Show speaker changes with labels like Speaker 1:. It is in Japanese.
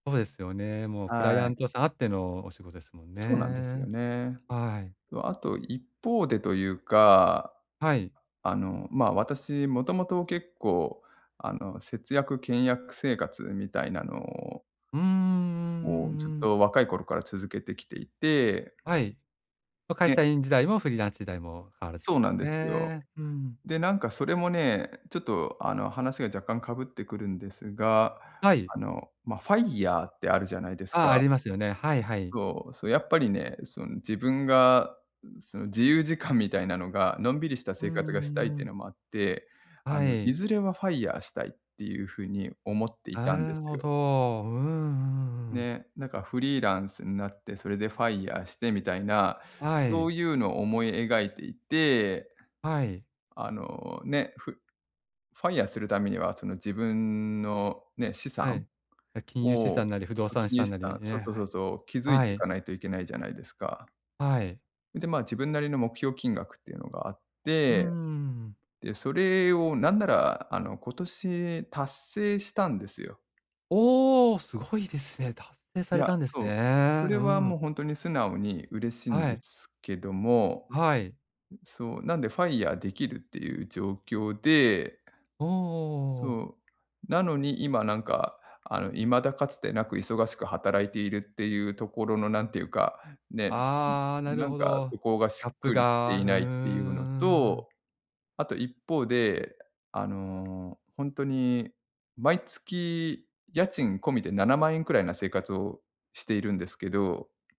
Speaker 1: そうですよね。もうクライ
Speaker 2: は
Speaker 1: アン
Speaker 2: い。
Speaker 1: トさんあってのお仕事ですもん
Speaker 2: そうなんですよ
Speaker 1: ね。
Speaker 2: ね。
Speaker 1: はい。
Speaker 2: とあと、一方でというか、
Speaker 1: はい。
Speaker 2: あの、ま、私もともと結構あの、節約倹約生活みたいなのを
Speaker 1: うんうんうん
Speaker 2: もうずっ
Speaker 1: うんうん。
Speaker 2: と若い頃から続けてきていて
Speaker 1: はい、は、会社
Speaker 2: で
Speaker 1: 員時代もフリーランス時代も変わらずで
Speaker 2: そう
Speaker 1: す
Speaker 2: なんですよ。
Speaker 1: ね。うん。
Speaker 2: でなんかそれもね、ちょっとあの、話が若干かぶってくるんですが、
Speaker 1: はい。
Speaker 2: あの、ま、FIRE ってあるじゃないです
Speaker 1: あ、あ
Speaker 2: か。
Speaker 1: りますよね。はいはい。
Speaker 2: そう、そう、やっぱりね、その自分が、うん、その自由時間みたいなのが、のんびりした
Speaker 1: うん
Speaker 2: 生
Speaker 1: う
Speaker 2: 活がしたいっ
Speaker 1: んう
Speaker 2: ての
Speaker 1: ん。
Speaker 2: もあって、あ
Speaker 1: は
Speaker 2: のい
Speaker 1: い。
Speaker 2: ずれは FIRE したいっていう風に思っていたんで
Speaker 1: なる
Speaker 2: す
Speaker 1: ほ
Speaker 2: よ。
Speaker 1: ど。うんうんうん。
Speaker 2: ね、なんかフリーランスんなって、それで FIRE してみたいな、
Speaker 1: は
Speaker 2: そ
Speaker 1: い。
Speaker 2: ういうの思い描いていて。
Speaker 1: はい。
Speaker 2: あのね、ふ、FIRE するためにはその自分のね、資
Speaker 1: は
Speaker 2: 産
Speaker 1: い。な、金融資
Speaker 2: を
Speaker 1: 産なり不動
Speaker 2: そう、
Speaker 1: 産資
Speaker 2: 金融
Speaker 1: 産
Speaker 2: 資
Speaker 1: なり
Speaker 2: 産そう
Speaker 1: ね、
Speaker 2: そう
Speaker 1: は
Speaker 2: そう
Speaker 1: い。
Speaker 2: そう、築い
Speaker 1: は
Speaker 2: てい
Speaker 1: い。
Speaker 2: かないといけないじゃないですか。
Speaker 1: はい。
Speaker 2: うん、で、ま、自分なりの目標金額っていうのがあっ
Speaker 1: うー
Speaker 2: て、
Speaker 1: ん。
Speaker 2: で、それをなんならあの、今年達成したんですよ。
Speaker 1: おお！すごいですね、達成さ
Speaker 2: い
Speaker 1: れ
Speaker 2: や、
Speaker 1: たんです
Speaker 2: そう、そ
Speaker 1: ね。
Speaker 2: れ
Speaker 1: う
Speaker 2: は
Speaker 1: ん。
Speaker 2: もうほんとに、素直に嬉しん
Speaker 1: は
Speaker 2: で
Speaker 1: い。
Speaker 2: すけども、
Speaker 1: はい。
Speaker 2: うん、そう、なんで FIRE できるっていう状況で
Speaker 1: おおおおおおお
Speaker 2: そ
Speaker 1: お。
Speaker 2: う、なのに今なんかあの、未だかつてなく忙しく働いているっていうところの、なんていうか、ね、
Speaker 1: あ、な
Speaker 2: な
Speaker 1: る
Speaker 2: ん
Speaker 1: ほ
Speaker 2: か
Speaker 1: ど。
Speaker 2: そこがし
Speaker 1: ギャッ
Speaker 2: っ
Speaker 1: プ
Speaker 2: くりきて
Speaker 1: が、
Speaker 2: い
Speaker 1: うー
Speaker 2: ないっていうの
Speaker 1: ん。
Speaker 2: と、あと一方で、あのほんとに、毎月家賃込みで7万円くらいな生活をしているんですけど。